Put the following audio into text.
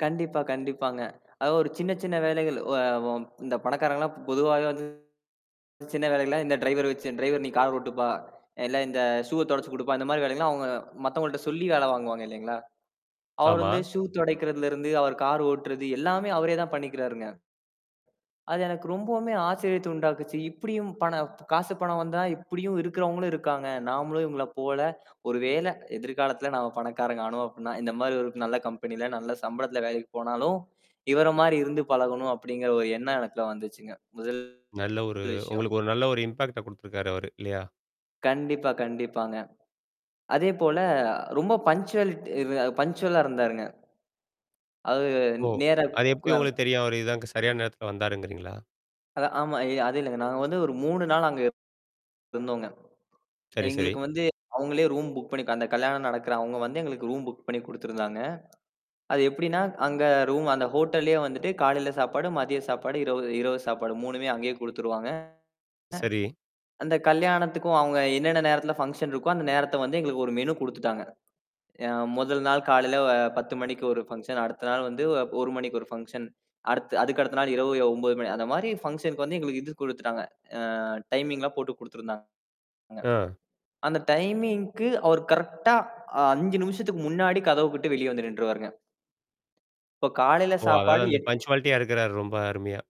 கண்டிப்பா, கண்டிப்பாங்க. அதாவது ஒரு சின்ன சின்ன வேலைகள். ஒ வம் இந்த பணக்காரங்க எல்லாம் பொதுவாக வந்து சின்ன வேலைக்கெல்லாம் இந்த ட்ரைவர் வச்சு "ட்ரைவர் நீ கார் ஓட்டுப்பா! இல்ல இந்த ஷூவ தொடச்சு குடுப்பா" இந்தமாரி வேலை எல்லாம் அவுங்க, மத்தவங்கள்ட சொல்லி வேலை வாங்குவாங்க இல்லேங்களா! அவர் ஆமா. வந்து ஷூ தொடைக்குறதுல இருந்து, அவர் கார் ஓட்டுறது எல்லாமே அவரே தான் பண்ணிக்கிறாருங்க. அது எனக்கு ரொம்பவுமே ஆச்சரியத்த உண்டாக்குச்சு. இப்பிடியும் பண காசு, பணம் வந்தா இப்பிடியும் இருக்கிறவங்களும் இருக்காங்க. நாமளும் இவுங்கள போல ஒருவேள எதிர்காலத்தில நாம பணக்காரங்க ஆனோம் அப்புட்ன்னா, இந்தமாரி ஒரு நல்ல கம்பெனில, நல்ல சம்பளத்துல வேலைக்கு போனாலும், இவர மாரி இருந்து பழகணும் அப்பிடிங்கிற ஒரு எண்ணம் எனக்குள்ள வந்துச்சுங்க. முதல் நல்ல ஒரு விஷயம். உங்களுக்கு ஒரு நல்ல ஒரு இம்பாக்ட்ட கொடுத்துருக்காரு அவரு. இல்லயா? கண்டிப்பா, கண்டிப்பாங்க. அதே போல ரொம்ப பங்க்ச்சுவாலிட் இரு பங்க்ச்சுவலா இருந்தாருங்க. அது ஓ! நேர, அது கு எப்பிடி உங்களுக்குத் தெரியும். அவரு இதான் அங்க சரியான நேரத்துல வந்தாருங்கிறீங்களா? அது ஆமா. எ அது இல்லேங்க. நாங்க வந்து ஒரு 3 நாள் அங்க இருந்தோங்க. சரி, சரி. எங்களுக்கு வந்து அவுங்களே ரூம் புக் பண்ணி அந்த கல்யாணம் நடக்கிற அவுங்க வந்து எங்களுக்கு ரூம் புக் பண்ணி குடுத்துருந்தாங்க. அது எப்பிடின்னா, அங்க ரூம் அந்த ஹோட்டல்லயே வந்துட்டு காலையில சாப்பாடு, மதிய சாப்பாடு, இரவு, இரவு சாப்பாடு 3மே அங்கேயே குடுத்துடுவாங்க. சரி. அந்தக் கல்யாணத்துக்கும் அவுங்க என்னென்னா நேரத்துல ஃபங்சன் இருக்கோ அந்த நேரத்த வந்து எங்களுக்கு ஒரு மெனு குடுத்துட்டாங்க. யா முதல் நாள் காலையில 10:00 மணிக்கு ஒரு ஃபங்சன் அடுத்தநாள் வந்து 1:00 மணிக்கு ஒரு ஃபங்சன். அடுத்து அதுக்கடுத்த நாள் இரவு ய 9:00 மணி அந்தமாரி ஃபங்சனுக்கு வந்து எங்களுக்கு இது குடுத்துட்டாங்க. அ டைமிங்லாம் போட்டுக் குடுத்துருந்தாங்க. ஆ, அந்த டைமிங்க்கு அவரு கரெக்ட்டா அ 5 நிமிஷத்துக்கு முன்னாடி கதவுக்கிட்ட வெளிய வந்து நிண்டுருவாருங்க. இப்ப காலையில ஓ! அதாவது சாப்பாடு அந்த எட் பன்ச்சுவாலிட்டியா இருக்கிறாரு ரொம்ப அருமையா.